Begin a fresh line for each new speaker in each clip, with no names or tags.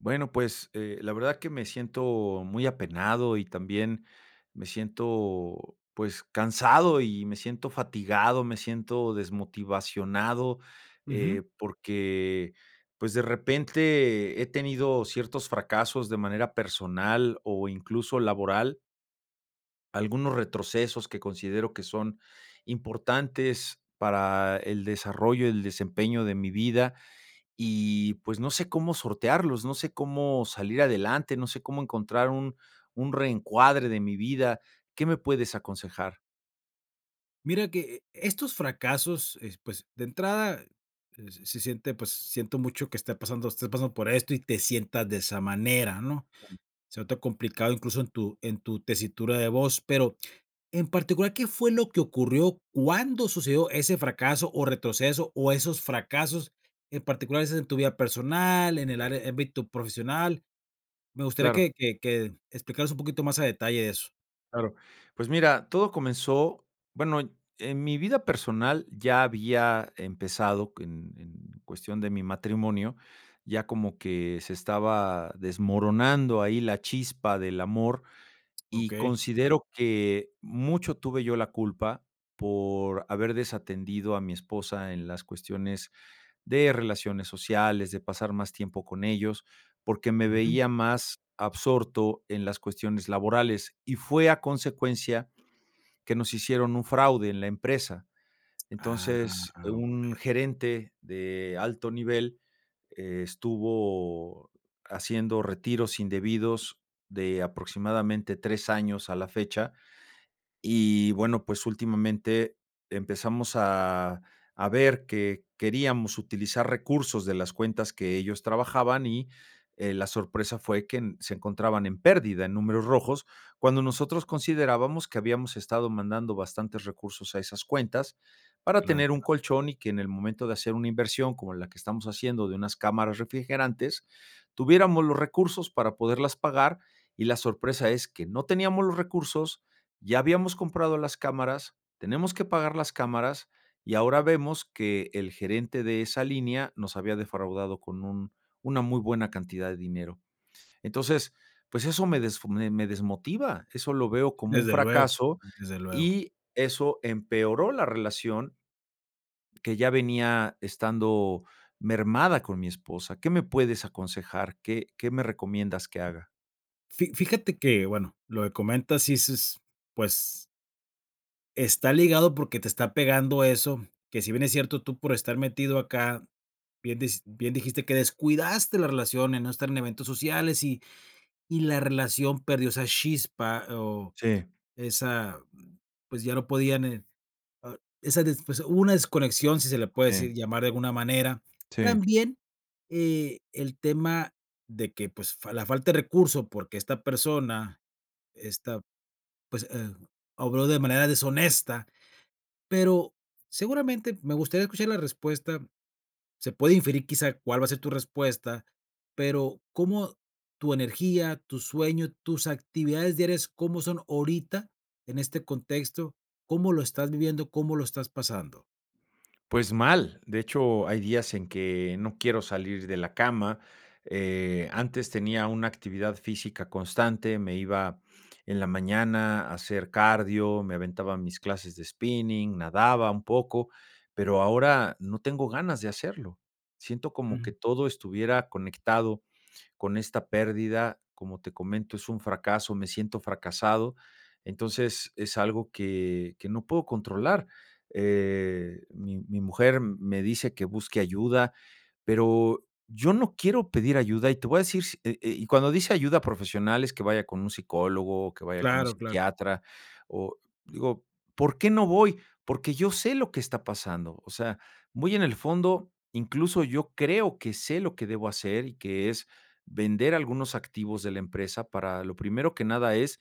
Bueno, pues, eh, la verdad que me siento muy apenado y también me siento, pues, cansado, y me siento fatigado, me siento desmotivado.
Ujú.
Eh, porque, pues, de repente he tenido ciertos fracasos de manera personal, o, incluso, laboral. Algunos retrocesos que considero que son importantes para el desarrollo, el desempeño de mi vida. Y, pues, no sé cómo sortearlos, no sé cómo salir adelante, no sé cómo encontrar un un reencuadre de mi vida. ¿Qué me puedes aconsejar?
Mira que e estos fracasos, es pues, de entrada, eh, se siente, pues siento mucho que esté pasando estés pasando por esto y te sientas de esa manera, ¿no? Se nota complicado, incluso, en tu en tu tesitura de voz, pero en particular, ¿qué fue lo que ocurrió? ¿Cuándo sucedió ese fracaso o retroceso, o esos fracasos en particular? ¿Es es en tu vida personal, en el are ámbito profesional? Me gustaría
Claro.
que que que explicaras un poquito más a detalle de eso.
Claro. Pues, mira, todo comenzó bueno, y en mi vida personal ya había empezado en cuestión de mi matrimonio, ya como que se estaba desmoronando ahí la chispa del amor. Y
Okey.
considero que mucho tuve yo la culpa por haber desatendido a mi esposa en las cuestiones de relaciones sociales, de pasar más tiempo con ellos, porque me
Ujú.
veía más absorto en las cuestiones laborales. Y fue a consecuencia que nos hicieron un fraude en la empresa.
Ah,
Entonces,
ah
un
okey.
gerente de alto nivel estuvo haciendo retiros indebidos de aproximadamente 3 años a la fecha. Y, bueno, pues, últimamente empezamos a a ver que queríamos utilizar recursos de las cuentas que ellos trabajaban, y, eh, la sorpresa fue que se encontraban en pérdida, en números rojos, cuando nosotros considerábamos que habíamos estado mandando bastantes recursos a esas cuentas para
Claro,
tener un
claro.
colchón y, que en el momento de hacer una inversión como la que estamos haciendo de unas cámaras refrigerantes, tuviéramos los recursos para poderlas pagar, y la sorpresa es que no teníamos los recursos, ya habíamos comprado las cámaras, tenemos que pagar las cámaras, y ahora vemos que el gerente de esa línea nos había defraudado con un una muy buena cantidad de dinero. Entonces, pues, eso me desfu me me desmotiva, eso lo veo como un
Desde luego,
fracaso,
desde luego.
y eso empeoró la relación, que ya venía estando mermada con mi esposa. ¿Qué me puedes aconsejar? ¿Qué, qué me recomiendas que haga?
Fi fíjate que bueno, lo de comentas sí s pues está ligado porque te está pegando eso que si bien es cierto, tú por estar metido acá, bien dis bien dijiste que descuidaste la relación, en no estar en eventos sociales. Y y la relación perdió esa chispa, o
Sí.
esa pues, ya no podían eh, ah esa desf pues, hubo una desconexión, si se le puede
Sí.
decir llamar de alguna manera.
Sí.
También, eh, el tema de que, pues, fa la falta de recurso porque esta persona esta, pues, em obró de manera deshonesta, pero seguramente me gustaría escuchar la respuesta. Se puede inferir, quizá, cuál va a ser tu respuesta, pero, ¿cómo tu energía, tu sueño, tus actividades diarias, cómo son ahorita en este contexto? ¿Cómo lo estás viviendo, cómo lo estás pasando?
Pues, mal. De hecho, hay días en que no quiero salir de la cama. Eh, antes tenía una actividad física constante. Me iba en la mañana a hacer cardio, me aventaba mis clases de spinning, nadaba un poco, pero, ahora no tengo ganas de hacerlo. Siento, como
Ujú.
que todo estuviera conectado con esta pérdida, como te comento, es un fracaso, me siento fracasado. Entonces, es algo, que, que no puedo controlar. Eh, mi mi mujer me dice: "Que busque ayuda", pero, yo no quiero pedir ayuda, y te voy a decir si eh, y cuando dice: "Ayuda profesional", es que vaya con un psicólogo, que vaya con un
Claro, claro.
psiquiatra, o, digo: "¿Por qué no voy?, porque, yo sé lo que está pasando". O sea, muy en el fondo, incluso, yo creo, que sé lo que debo hacer, y que es vender algunos activos de la empresa, para lo primero que nada es,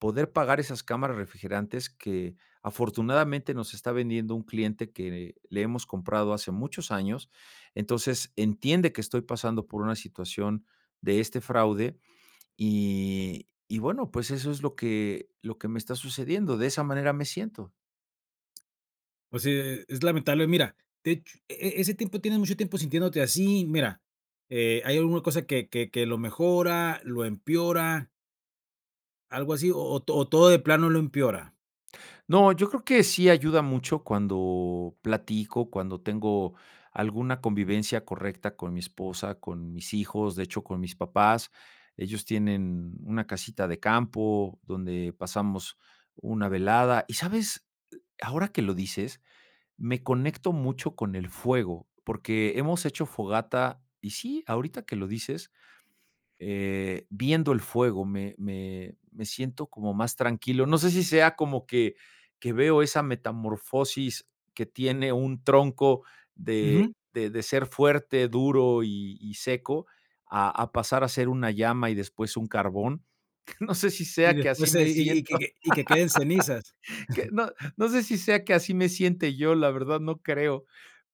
poder pagar esas cámaras refrigerantes, que afortunadamente nos está vendiendo un cliente, que le hemos comprado hace muchos años. Entonces, entiende que estoy pasando por una situación, de este fraude. Y y bueno, pues, eso es lo que lo que me está sucediendo. De esa manera me siento.
Pues, sí, e e es lamentable, mira, de hecho e e ese tiempo, ¿tienes mucho tiempo sintiéndote así? Mira, eh, ¿hay alguna cosa que que que lo mejora, lo empeora? Algo así, o o, ¿to todo de plano lo empeora?
No, yo creo que sí ayuda mucho, cuando platico, cuando tengo, alguna convivencia correcta con mi esposa, con mis hijos, de hecho con mis papás, ellos tienen, mm, una casita de campo, donde pasamos una velada. Y, ¿sabes?, ahora que lo dices, me conecto mucho con el fuego, porque, hemos hecho fogata, y sí, ahorita que lo dices eh, viendo el fuego me me me siento como más tranquilo. No sé, si sea como que que veo, esa metamorfosis que tiene un tronco,
Ujú.
de de de ser fuerte, duro, y y seco, a a pasar a ser una llama, y después un carbón. No sé, si
Y
sea que así
después, eh
me
y y
siento.
que que y que queden cenizas.
Que no, no sé, si sea, que así me siente yo, la verdad no creo,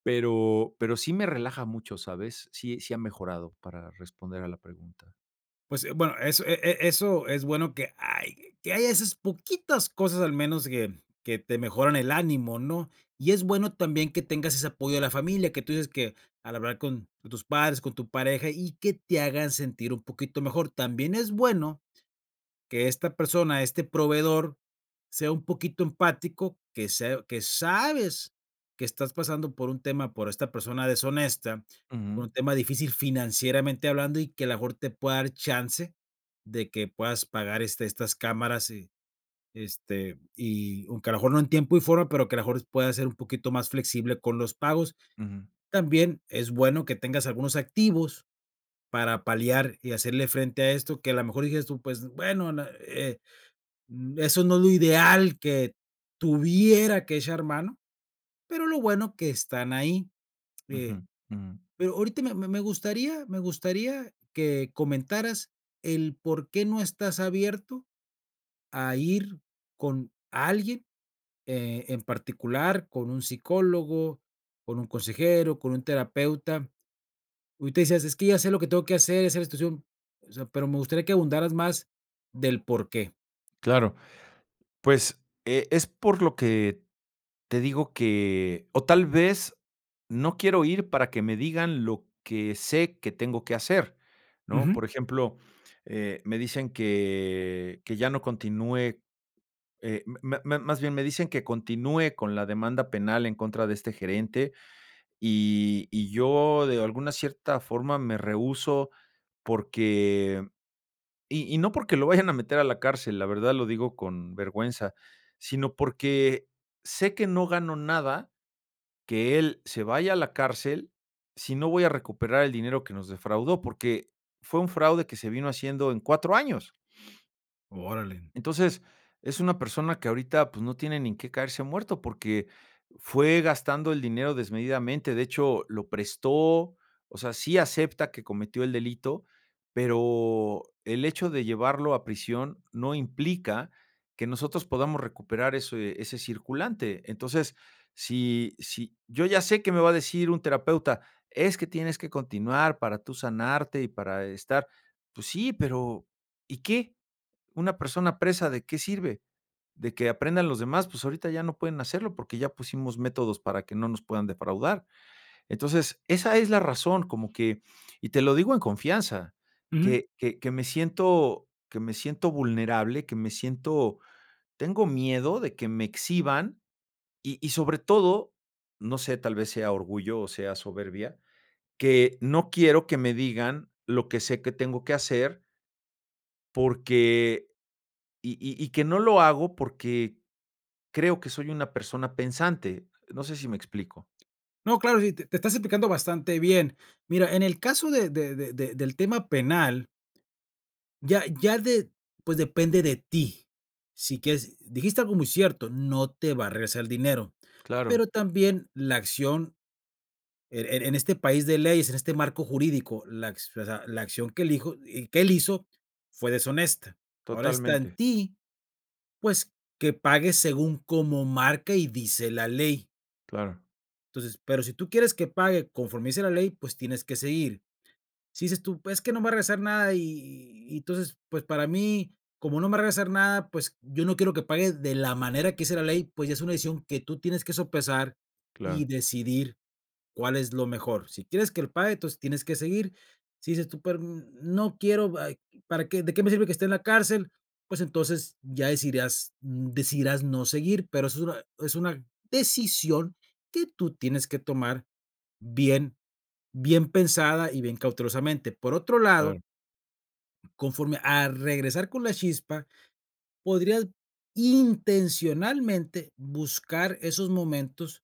pero pero, sí me relaja mucho, ¿sabes? Sí sí ha mejorado, para responder a la pregunta.
Pues, eh bueno, eso, e e eso, es bueno que hay que haya, esas poquitas cosas, al menos que que te mejoran el ánimo, ¿no? Y es bueno también que tengas ese apoyo de la familia, que tú dices, que al hablar con con tus padres, con tu pareja, y que te hagan sentir un poquito mejor También es bueno, que esta persona, este proveedor sea un poquito empático, que sea que sabes, que estás pasando por un tema por esta persona deshonesta con
Ujú.
un tema difícil financieramente hablando, y que a lo mejor te pueda dar chance, de que puedas pagar, este, estas cámaras. Y, este y aunque, a lo mejor no en tiempo y forma pero, que a lo mejor, pueda ser un poquito más flexible con los pagos,
Ujú.
también, es bueno que tengas algunos activos para paliar, y hacerle frente a esto, que a lo mejor digas tú: "Pues, bueno, eh, n eso no es lo ideal, que tuviera que echar mano", pero lo bueno que están ahí Eh,
Ujú. Ujú.
pero ahorita me me gustaría me gustaría que comentaras, el por qué no estás abierto a ir con alguien, eh, en particular con un psicólogo, con un consejero, con un terapeuta ahorita decías: "Es que ya sé, lo que tengo que hacer, ya sé, la situación", o sea, pero, me gustaría que ahondaras, más del por qué.
Claro. Pues, eh, es por lo que te digo que o tal vez, no quiero ir, para que me digan lo que sé que tengo que hacer, ¿no?
Ujú.
Por ejemplo, eh, me dicen que que ya no continúe, eh, m me me más bien me dicen que continúe, con la demanda penal en contra de este gerente, y y yo de alguna cierta forma, me rehúso, porque y y no porque lo vayan a meter, a la cárcel, la verdad lo digo con vergüenza, sino porque, sé que no gano nada, que él se vaya a la cárcel, si no voy a recuperar el dinero que nos defraudó. Porque fue un fraude que se vino haciendo en 4 años.
Órale.
Entonces, es una persona que ahorita, pues, no tiene ni en qué caerse muerto, porque fue gastando el dinero desmedidamente, de hecho, lo prestó, o sea, sí acepta que cometió el delito, pero, el hecho de llevarlo a prisión no implica que nosotros podamos recuperar ese ese circulante. Entonces, si si, yo ya sé que me va a decir un terapeuta: "Es que tienes que continuar para tú sanarte y para estar", pues sí, pero, ¿y qué?, una persona presa, ¿de qué sirve?, de que aprendan los demás, pues, ahorita ya no pueden hacerlo, porque ya pusimos métodos para que no nos puedan defraudar. Entonces, esa es la razón, como que, y te lo digo en confianza,
Ujú.
que que que me siento que me siento vulnerable, que me siento, tengo miedo de que me exhiban, y y sobre todo, no sé, tal vez, sea orgullo o sea soberbia, que no quiero que me digan, lo que sé que tengo que hacer. Porque, y y y que no lo hago porque, creo que soy una persona pensante. No sé si me explico.
No, claro, y sí te te estás explicando bastante bien. Mira, en el caso de de de de del tema penal. Ya ya de pues, depende de ti. Si quieres dijiste algo muy cierto, no te va a regresar dinero.
Claro.
Pero también la acción er en este país de leyes, en este marco jurídico, la acci o sea, la acción que elijo y que él hizo fue deshonesta. Ahora está en
Totalmente.
ti, pues, que pagues según como marca y dice la ley.
Claro.
Entonces pero si tú quieres que pague conforme dice la ley, pues, tienes que seguir. Si dices tú: "Pues, es que no me va a regresar nada, y y y entonces, pues, para mí, como no me va a regresar nada, pues, yo no quiero que pague de la manera que dice la ley". Pues, ya es una decisión que tú tienes que sopesar y
Claro.
decidir cuál es lo mejor. Si quieres que lo pague, entonces tienes que seguir. Si dices tú: "Pero, n no quiero, ay ¿Para qué de qué me sirve que esté en la cárcel?". Pues, entonces, ya decidirás decidirás no seguir, pero eso es una es una decisión que tú tienes que tomar bien bien pensada y bien cautelosamente, por otro
Claro.
lado conforme a regresar con la chispa, podrías intencionalmente buscar esos momentos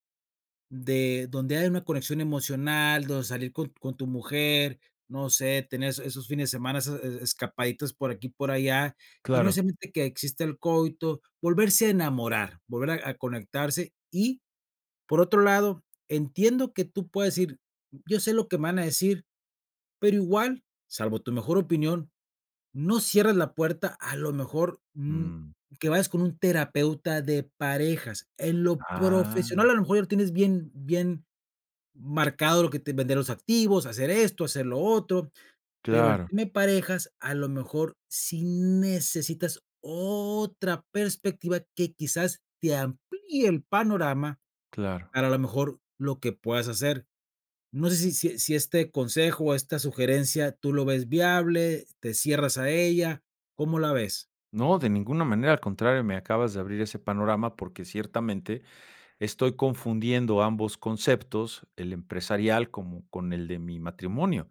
de donde haya una conexión emocional, donde salir con con tu mujer, no sé, tener es esos fines de semana esas e escapaditas por aquí, por allá, y no
Claro.
necesariamente que exista el coito, volverse a enamorar, volver a a conectarse Y por otro lado, entiendo que tú puedes decir: "Yo sé lo que me van a decir", pero igual, salvo tu mejor opinión, no cierres la puerta, a lo mejor, mm,
Mmm.
que vayas con un terapeuta de parejas. En lo profesional,
Ah.
a lo mejor ya lo tienes bien bien marcado, lo que te vender los activos, hacer esto, hacer lo otro, pero el
Claro.
tema de parejas, a lo mejor, sí necesitas otra perspectiva que, quizás, te amplíe el panorama
Claro.
para, a la mejor lo que puedas hacer. No sé, si si si este consejo, o esta sugerencia tú lo ves viable, te cierras a ella, ¿cómo la ves?
No, de ninguna manera, al contrario, me acabas de abrir ese panorama porque ciertamente estoy confundiendo ambos conceptos, el empresarial, como con el de mi matrimonio.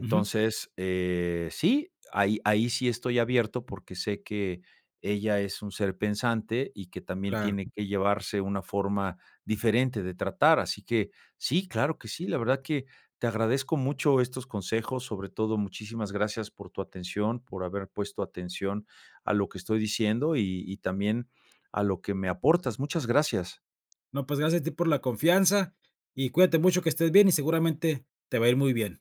Ujú.
eh, sí, ahí ahí sí estoy abierto porque sé que ella es un ser pensante, y que también
Claro.
tiene que llevarse una forma diferente de tratar, así que sí, claro que sí. La verdad que te agradezco mucho estos consejos, sobre todo muchísimas gracias por tu atención, por haber puesto atención a lo que estoy diciendo, y y también a lo que me aportas, muchas gracias.
No, pues, gracias a ti por la confianza, y cuídate mucho, que estés bien, y seguramente te va a ir muy bien.